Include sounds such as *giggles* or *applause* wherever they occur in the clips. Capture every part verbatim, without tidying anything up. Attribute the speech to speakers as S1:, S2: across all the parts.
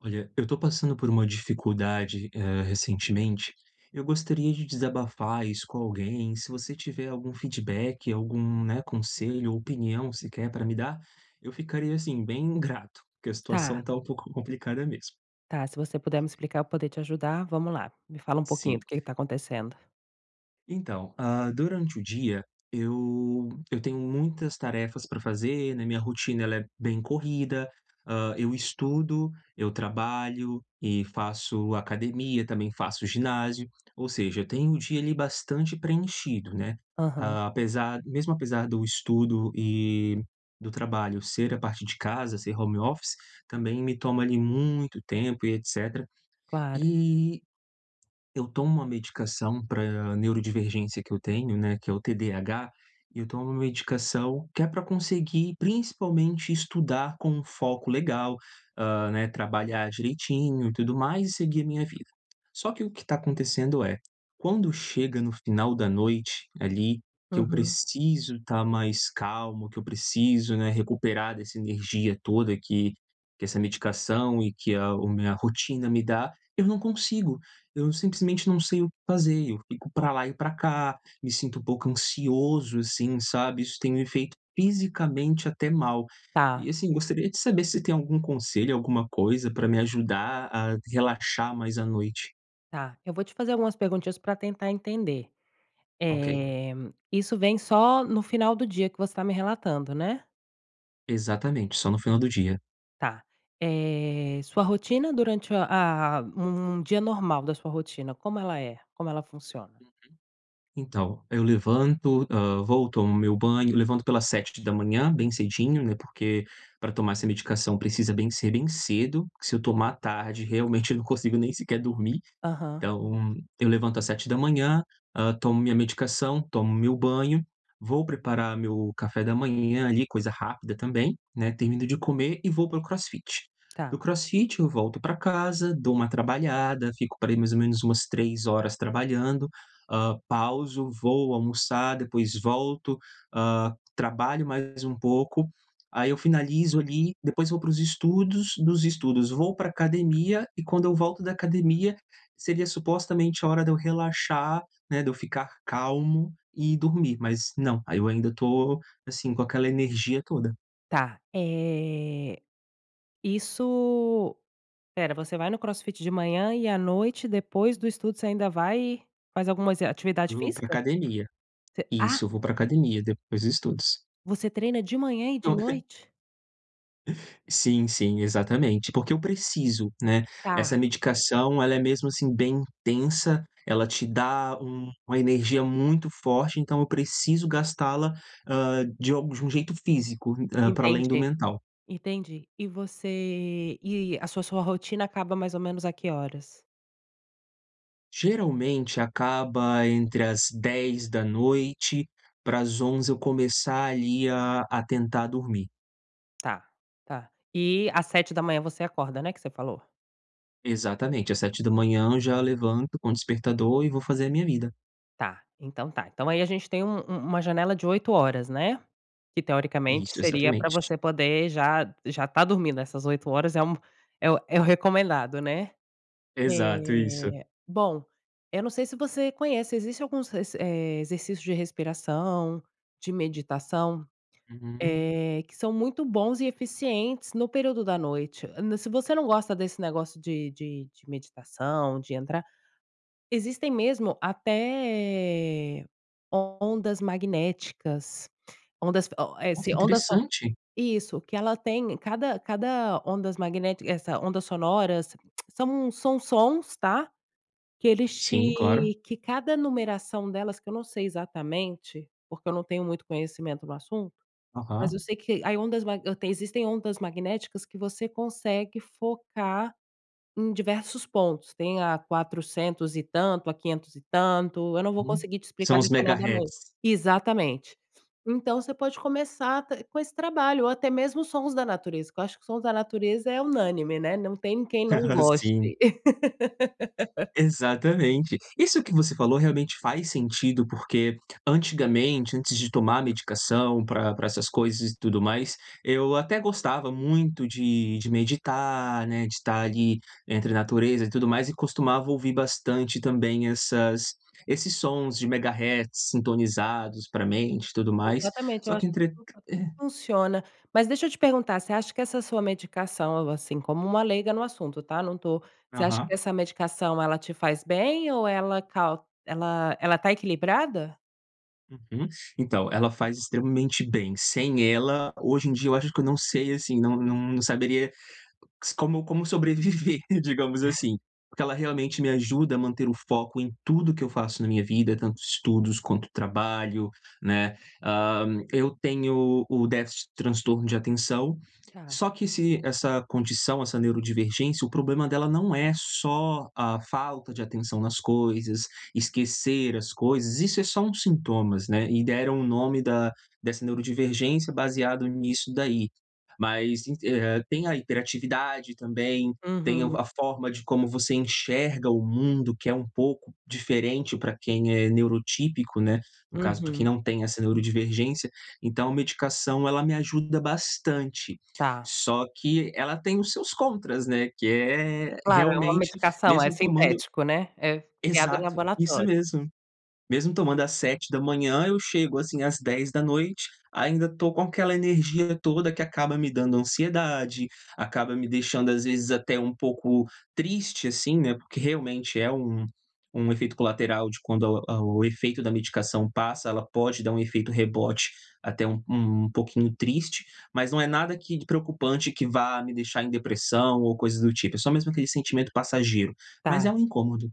S1: Olha, eu tô passando por uma dificuldade, eh, recentemente, eu gostaria de desabafar isso com alguém. Se você tiver algum feedback, algum, né, conselho ou opinião sequer para me dar, eu ficaria, assim, bem grato, porque a situação
S2: Tá.
S1: tá um pouco complicada mesmo.
S2: Tá, se você puder me explicar eu poder te ajudar, vamos lá. Me fala pouquinho
S1: Sim.
S2: do que que tá acontecendo.
S1: Então, ah, durante o dia eu eu tenho muitas tarefas para fazer, né, minha rotina, ela é bem corrida. Ah, eu estudo, eu trabalho e faço academia, também faço ginásio, ou seja, eu tenho o dia, ali, bastante preenchido, né.
S2: Aham.
S1: Apesar, mesmo apesar do estudo e do trabalho ser a partir de casa, ser home office, também me toma, ali, muito tempo e etcétera.
S2: Claro.
S1: E, eu tomo uma medicação para neurodivergência que eu tenho né, que é o TDAH, e eu tomo medicação que é pra conseguir, principalmente, estudar com um foco legal, ah, né, trabalhar direitinho e tudo mais e seguir a minha vida. Só que o que tá acontecendo é: quando chega no final da noite, ali, que eu
S2: Aham.
S1: preciso tá mais calmo, que eu preciso, né, recuperar dessa energia toda que que essa medicação e que a o minha rotina me dá, eu não consigo! Eu simplesmente não sei o que fazer, eu fico pra lá e pra cá, me sinto um pouco ansioso assim, sabe? Isso tem me feito fisicamente até mal, e
S2: Tá.
S1: assim gostaria de saber se tem algum conselho, alguma coisa, pra me ajudar a relaxar mais à noite?
S2: Tá, eu vou te fazer algumas perguntinhas pra tentar entender.
S1: Ok.
S2: Eh, isso vem só no final do dia que você tá me relatando, né?
S1: Exatamente, só no final do dia.
S2: Tá. Eh, sua rotina durante a um dia normal da sua rotina, como ela é? Como ela funciona?
S1: Então, eu levanto, hã, vou tomo meu banho levanto pelas sete da manhã, bem cedinho né, porque pra tomar essa medicação precisa bem ser bem cedo, que se eu tomar à tarde realmente eu não consigo nem sequer dormir.
S2: Aham.
S1: Então, eu levanto às sete da manhã, hã, tomo minha medicação, tomo meu banho, vou preparar meu café da manhã, ali, coisa rápida também, né, termino de comer e vou para o CrossFit. Do
S2: Tá.
S1: CrossFit eu volto para casa, dou uma trabalhada, fico par ai, mais ou menos umas três horas trabalhando, ah, pauso, vou almoçar, depois volto, hã, trabalho mais um pouco. Aí, eu finalizo, ali. Depois vou para os estudos. Dos estudos, vou para a academia e quando eu volto da academia, seria supostamente a hora de eu relaxar né, de eu ficar calmo e dormir, mas não, aí, eu ainda tô, assim, com aquela energia toda.
S2: Tá. Eh, isso Espera, você vai no CrossFit de manhã e à noite, depois do estudo você ainda vai faz algumas eh atividade
S1: Vou para
S2: física?
S1: academia.
S2: Você Ah!
S1: Isso, eu vou para academia. Depois estudos.
S2: Você treina de manhã e de
S1: Tô re
S2: noite?
S1: *giggles* Sim, sim. Exatamente, porque eu preciso, né. Essa
S2: Tá.
S1: medicação, ela é mesmo, assim, bem intensa, ela te dá um uma energia muito forte, então eu preciso gastá-la, hã, de alg de um jeito físico, hã, pra além do
S2: Entendi,
S1: mental.
S2: entendi e você e a sua sua rotina acaba mais ou menos a que horas?
S1: Geralmente, acaba entre às dez da noite, para às onze, eu começar, ali, a tentar dormir.
S2: Tá. Tá. E às sete da manhã, você acorda, né, que você falou?
S1: Exatamente. Às sete da manhã, já levanto com o despertador e vou fazer a minha vida.
S2: Tá. Então tá. Então aí a gente tem um um uma janela de oito, né? Que teoricamente
S1: Isso,
S2: seria pra
S1: exatamente.
S2: você poder já já tá dormindo. Essas oito horas é um é o é o recomendado, né?
S1: Exato, isso.
S2: Eh bom, eu não sei se você conhece. Existe alguns reser eh, exercícios de respiração, de meditação,
S1: Uhum.
S2: eh, que são muito bons e eficientes no período da noite. Hã, se você não gosta desse negócio de de de meditação, de entrar existem mesmo até ondas magnéticas, ondas o eh
S1: Nossa,
S2: si ondas so
S1: interessante.
S2: isso que ela tem cada cada ondas magnéti essa ondas sonoras *clicks tongue* são são sons, tá? Que eles
S1: Sim, claro.
S2: te que cada numeração delas, que eu não sei exatamente, porque eu não tenho muito conhecimento no assunto. Mas eu
S1: Uhum.
S2: sei que aí ondas mag tem, existem ondas magnéticas que você consegue focar em diversos pontos. Tem a quatrocentos e tanto, a quinhentos e tanto. Eu não vou
S1: Uhum,
S2: conseguir te
S1: são
S2: explicar
S1: os
S2: detalhadamente
S1: Megahertz.
S2: exatamente. Então você pode começar até com esse trabalho ou até mesmo sons da natureza que eu acho que sons da natureza é unânime, né? Não tem quem não
S1: *laughs* Sim.
S2: goste. *laughs*
S1: Exatamente. Isso que você falou realmente faz sentido, porque antigamente, antes de tomar medicação pra pra essas coisas e tudo mais, eu até gostava muito de de meditar, né, de tá ali entre natureza e tudo mais. E costumava ouvir bastante também essas esses sons de Megahertz sintonizados para a mente e tudo mais.
S2: Exatamente, eu
S1: Só que
S2: acho
S1: entre
S2: que *unintelligible*
S1: e
S2: funciona. Mas deixa eu te perguntar: você acha que essa sua medicação, algo assim como uma leiga no assunto, tá? Não tô você acha que
S1: Aham.
S2: essa medicação ela te faz bem ou ela cau ela ela tá equilibrada?
S1: Uhum. Então, ela faz extremamente bem. Sem ela, hoje em dia, eu acho que eu não sei, assim, não não não saberia s como como sobreviver, digamos assim. Porque ela realmente me ajuda a manter o foco em tudo que eu faço na minha vida, tanto estudos quanto trabalho, né. Ah, eu tenho o déficit de transtorno de atenção,
S2: Tá.
S1: só que se essa condição, essa neurodivergência, o problema dela não é só a falta de atenção nas coisas, esquecer as coisas, isso é só um sintomas, né. E deram o nome da dessa neurodivergência baseado nisso daí, mas en eh, tem a hiperatividade também, tem o
S2: Uhum.
S1: a forma de como você enxerga o mundo, que é um pouco diferente pra quem é neurotípico, né, no caso pra quem
S2: Uhum.
S1: não tem essa neurodivergência. Então a medicação, ela me ajuda bastante,
S2: Tá.
S1: só que ela tem os seus contras, né? Que é,
S2: Claro, é uma
S1: realmente,
S2: medicação, é
S1: mesmo tomando
S2: sintético, né? É criado em
S1: Exato, isso
S2: laboratório.
S1: mesmo. Mesmo tomando às sete da manhã eu chego assim às dez da noite, ainda tô com aquela energia toda que acaba me dando ansiedade, acaba me deixando, às vezes, até um pouco triste, assim, né, porque realmente é um um efeito colateral de quando a o o efeito da medicação passa, ela pode dar um efeito rebote até um um pouquinho triste, mas não é nada que de preocupante que vá me deixar em depressão ou coisa do tipo, é só mesmo aquele sentimento passageiro, mas é
S2: Tá.
S1: um incômodo.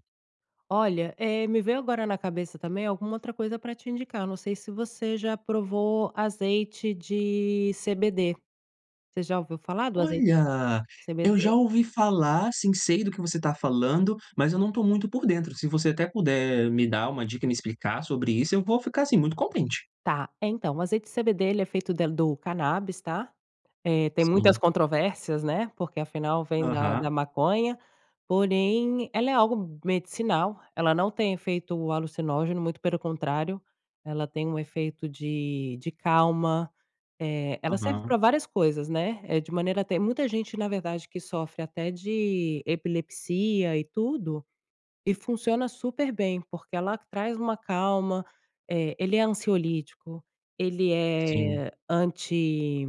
S2: Olha, eh, me veio agora na cabeça também alguma outra coisa pra te indicar. Eu não sei se você já provou azeite de CBD. Você já ouviu falar do azei
S1: Olha! Eu
S2: CBD?
S1: já ouvi falar, sim, sei do que você tá falando, mas eu não tô muito por dentro. Se você até puder me dar uma dica e me explicar sobre isso eu vou ficar assim muito contente.
S2: Tá. Então, o azeite de CBD, ele é feito del do canábis, tá? Eh, tem muitas
S1: Sim.
S2: controvérsias, né? Porque afinal, vem da
S1: Aham.
S2: da maconha, porém ela é algo medicinal, ela não tem efeito alucinógeno, muito pelo contrário, ela tem um efeito de de calma. Eh, ela serve
S1: Aham.
S2: pra várias coisas, né. É de maneira tem muita gente, na verdade, que sofre até de epilepsia e tudo, e funciona super bem, porque ela traz uma calma. Eh, ele é ansiolítico, ele
S1: Sim.
S2: é anti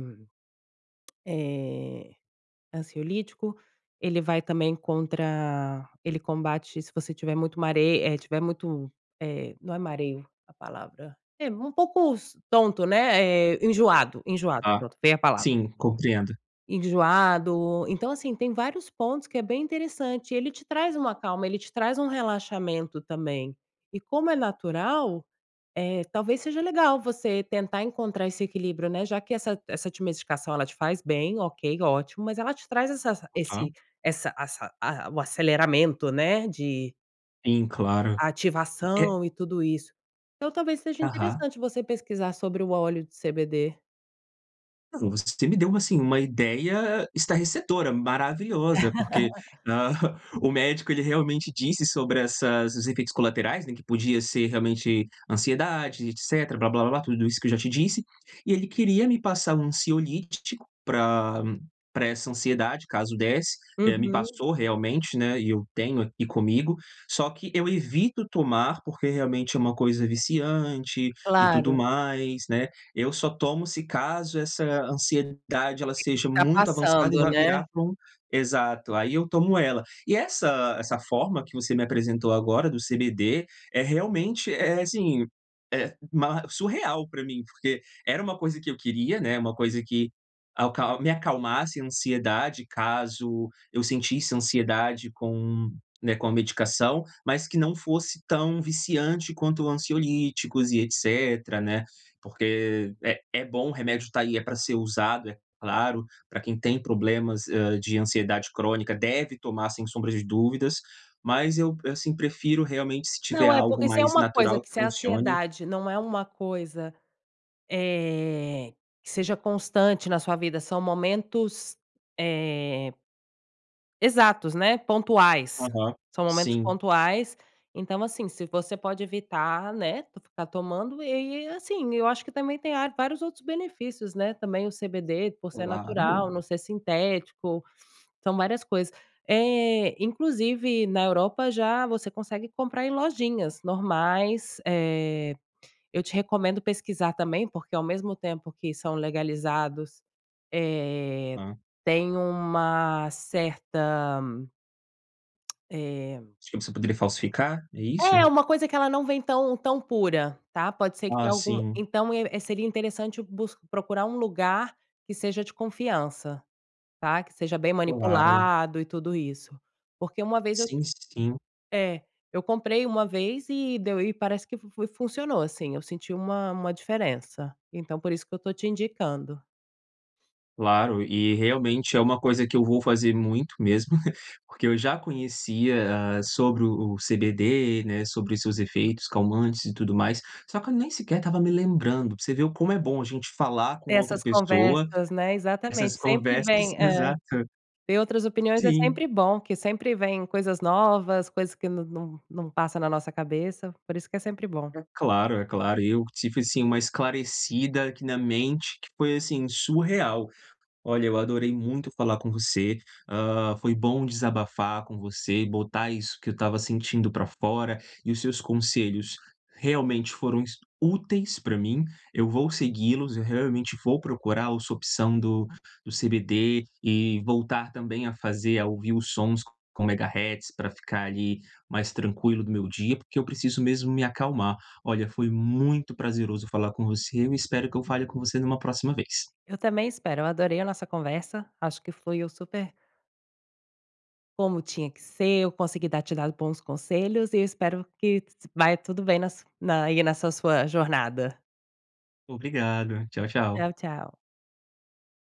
S2: eh, ansiolítico. Ele vai também contra ele combate se você tiver muito mare, eh, tiver muito eh, não é mareo a palavra. Eh, um pouco s tonto, né, eh, enjoado enjoado,
S1: Tá.
S2: pronto, veio a palavra.
S1: Sim, compreendo.
S2: Enjoado. Então, assim, tem vários pontos que é bem interessante e ele te traz uma calma, ele te traz um relaxamento também. E como é natural, eh, talvez seja legal você tentar encontrar esse equilíbrio, né, já que essa essa ti medicação, ela te faz bem, ok, ótimo! Mas ela te traz essa esse
S1: Aham.
S2: essa assa a o aceleramento, né, de
S1: Sim, claro. É
S2: ativação e tudo isso. Então, talvez seja
S1: Aham.
S2: interessante você pesquisar sobre o óleo de CBD.
S1: Ah, não. Você me deu uma, assim, uma ideia estarrecedora, maravilhosa! Porque,
S2: *laughs*
S1: ahá, o médico ele realmente disse sobre essas os efeitos colaterais, né, que podia ser realmente ansiedade e etcétera, blá blá blá, tudo isso que eu já te disse. E ele queria me passar um ansiolítico pra pra essa ansiedade caso desse, eh me
S2: Uhum.
S1: passou realmente, né, e eu tenho aqui comigo. Só que eu evito tomar, porque realmente é uma coisa viciante e tudo
S2: Claro.
S1: mais, né. Eu só tomo se caso essa ansiedade ela
S2: Sim,
S1: seja muito avançada e
S2: ultrapassando,
S1: vai virar
S2: né?
S1: pra um exato. Aí, eu tomo ela. E essa essa forma que você me apresentou agora do CBD é realmente é assim, é ma surreal pra mim, porque era uma coisa que eu queria, né, uma coisa que alcal me acalmasse a ansiedade caso eu sentisse ansiedade com, né, com a medicação, mas que não fosse tão viciante quanto ansiolíticos e etcétera, né, porque é é bom, remédio tá aí, é pra ser usado, é claro, pra quem tem problemas, hã, de ansiedade crônica deve tomar sem sombra de dúvidas, mas eu, assim, prefiro realmente se tiver
S2: Não, é,
S1: algo
S2: porque se é
S1: mais
S2: uma coisa
S1: natural
S2: que
S1: que
S2: se a
S1: funcione.
S2: ansiedade não é uma coisa, eh, que seja constante na sua vida, são momentos, eh exatos, né, pontuais,
S1: Aham.
S2: são momentos
S1: Sim.
S2: pontuais. Então assim, se você pode evitar, né, ficar tomando, e e assim, m Eu acho que também tem ar vários outros benefícios, né. Também o CBD, por ser
S1: Claro!
S2: natural, não ser sintético, são várias coisas. Eh, inclusive na Europa, já você consegue comprar em lojinhas normais. Eh, eu te recomendo pesquisar também, porque ao mesmo tempo que são legalizados, eh,
S1: Hã.
S2: tem uma certa *clicks tongue* eh
S1: De que você poderia falsificar? É isso?
S2: É, uma coisa que ela não vem tão tão pura, tá? Pode ser que
S1: Ah,
S2: tenha algum
S1: sim.
S2: então, é seria interessante bus procurar um lugar que seja de confiança, tá? Que seja bem
S1: Claro.
S2: manipulado e tudo isso. Porque uma vez eu
S1: Sim, sim.
S2: é, eu comprei uma vez e deu e parece que fu fui funcionou sim, eu senti uma uma diferença. Então, por isso que eu tô te indicando.
S1: Claro. E, realmente, é uma coisa que eu vou fazer muito mesmo, *laughs* porque eu já conhecia, hã, sobre o o CBD, né, sobre os seus efeitos calmantes e tudo mais, só que eu nem sequer tava me lembrando, pra você ver o como é bom a gente falar com outra
S2: Essas
S1: pessoa
S2: conversas, né?
S1: essas
S2: Exatamente, sempre
S1: conversas,
S2: vem, eh
S1: exato.
S2: ver outras opiniões é
S1: Sim.
S2: sempre bom, que sempre vem coisas novas, coisas que não não não passa na nossa cabeça. Por isso que é sempre bom.
S1: É claro, é claro. Eu tive, assim, uma esclarecida aqui na mente, que foi, assim, surreal. Olha, eu adorei muito falar com você, hã, foi bom desabafar com você e botar isso que eu tava sentindo pra fora. E os seus conselhos realmente foram es úteis pra mim, eu vou seguí-los. Eu realmente vou procurar o sua opção do do CBD e voltar também a fazer a ouvir os sons com megahertz, para ficar ali mais tranquilo do meu dia, porque eu preciso mesmo me acalmar. Olha, foi muito prazeroso falar com você. Eu espero que eu fale com você numa próxima vez.
S2: Eu também espero, eu adorei a nossa conversa, acho que foi eu super Como tinha que ser. Eu consegui dar te dar bons conselhos e eu espero que *unintelligible* vai tudo bem nas na aí, nessa sua jornada.
S1: Obrigado. Tchau, tchau.
S2: Tchau, tchau.